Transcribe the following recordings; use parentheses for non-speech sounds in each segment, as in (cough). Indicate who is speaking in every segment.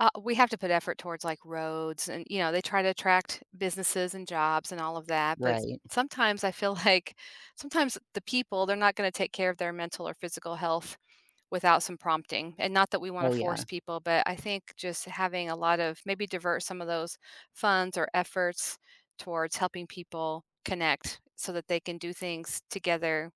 Speaker 1: Uh, we have to put effort towards like roads and, you know, they try to attract businesses and jobs and all of that. But
Speaker 2: Right.
Speaker 1: sometimes I feel like sometimes the people, they're not gonna take care of their mental or physical health without some prompting. And not that we wanna
Speaker 2: Oh
Speaker 1: force
Speaker 2: yeah.
Speaker 1: people, but I think just having a lot of maybe divert some of those funds or efforts towards helping people connect so that they can do things together,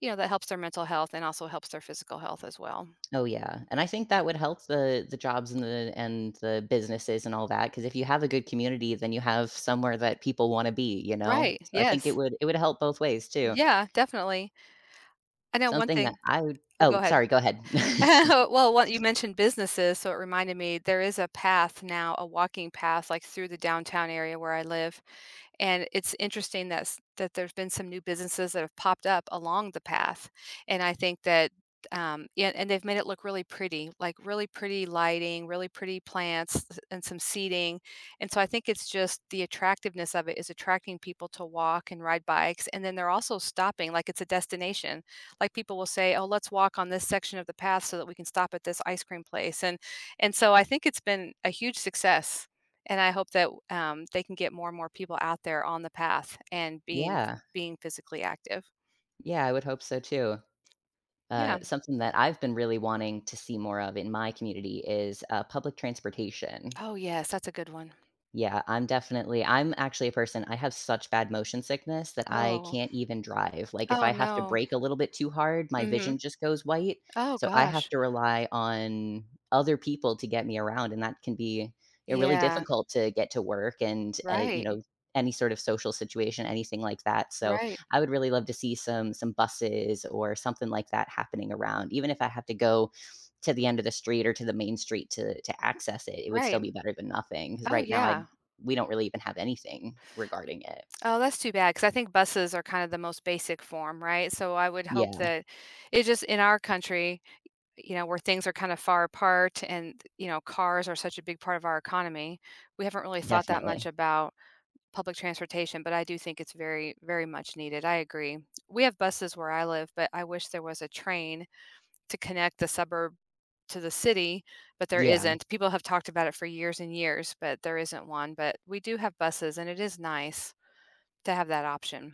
Speaker 1: you know, that helps their mental health and also helps their physical health as well.
Speaker 2: Oh, yeah, and I think that would help the the jobs and the and the businesses and all that 'cause if you have a good community, then you have somewhere that people wanna be, you know,
Speaker 1: Right,
Speaker 2: I think it
Speaker 1: yes.
Speaker 2: would it would help both ways too.
Speaker 1: Yeah, definitely. I know one
Speaker 2: Something that
Speaker 1: thing
Speaker 2: I would
Speaker 1: Oh, go
Speaker 2: Oh,
Speaker 1: ahead.
Speaker 2: sorry, go ahead. (chuckles)
Speaker 1: (chuckles) Well, what you mentioned businesses, so it reminded me, there is a path now, a walking path like through the downtown area where I live. And it's interesting that's, that there's been some new businesses that have popped up along the path. And I think that, um, yeah, and they've made it look really pretty, like really pretty lighting, really pretty plants, and some seating. And so I think it's just the attractiveness of it is attracting people to walk and ride bikes. And then they're also stopping like it's a destination. Like people will say, "Oh let's walk on this section of the path so that we can stop at this ice cream place." And and so I think it's been a huge success. And I hope that, um, they can get more and more people out there on the path and being, ph
Speaker 2: Yeah.
Speaker 1: being physically active.
Speaker 2: Yeah, I would hope so too.
Speaker 1: Yeah.
Speaker 2: Uh, something that I've been really wanting to see more of in my community is, uh, public transportation.
Speaker 1: Oh, yes, that's a good one.
Speaker 2: Yeah, I'm definitely I'm actually a person, I have such bad motion sickness that I
Speaker 1: Oh.
Speaker 2: can't even drive. Like if
Speaker 1: Oh
Speaker 2: I have to
Speaker 1: no.
Speaker 2: brake a little bit too hard, my
Speaker 1: Mhm.
Speaker 2: vision just goes white.
Speaker 1: Oh
Speaker 2: So I have
Speaker 1: gosh.
Speaker 2: to rely on other people to get me around, and that can be eh really
Speaker 1: Yeah.
Speaker 2: difficult to get to work and, uh, you
Speaker 1: Right.
Speaker 2: know, any sort of social situation, anything like that. So
Speaker 1: Right.
Speaker 2: I would really love to see some some buses or something like that happening around, even if I have to go to the end of the street or to the main street to to access it, it would still
Speaker 1: Right.
Speaker 2: be better than nothing 'cause
Speaker 1: Oh
Speaker 2: right now I
Speaker 1: yeah.
Speaker 2: we don't really even have anything regarding it.
Speaker 1: Oh, that's too bad 'cause I think buses are kind of the most basic form, right? So I would hope
Speaker 2: Yeah.
Speaker 1: that it's just in our country, you know, where things are kind of far apart and, th you know, cars are such a big part of our economy. We haven't really thought that much
Speaker 2: Definitely.
Speaker 1: about public transportation, but I do think it's very, very much needed. I agree. We have buses where I live, but I wish there was a train to connect the suburb to the city, but there
Speaker 2: Yeah.
Speaker 1: isn't. People have talked about it for years and years, but there isn't one. But we do have buses and it is nice to have that option.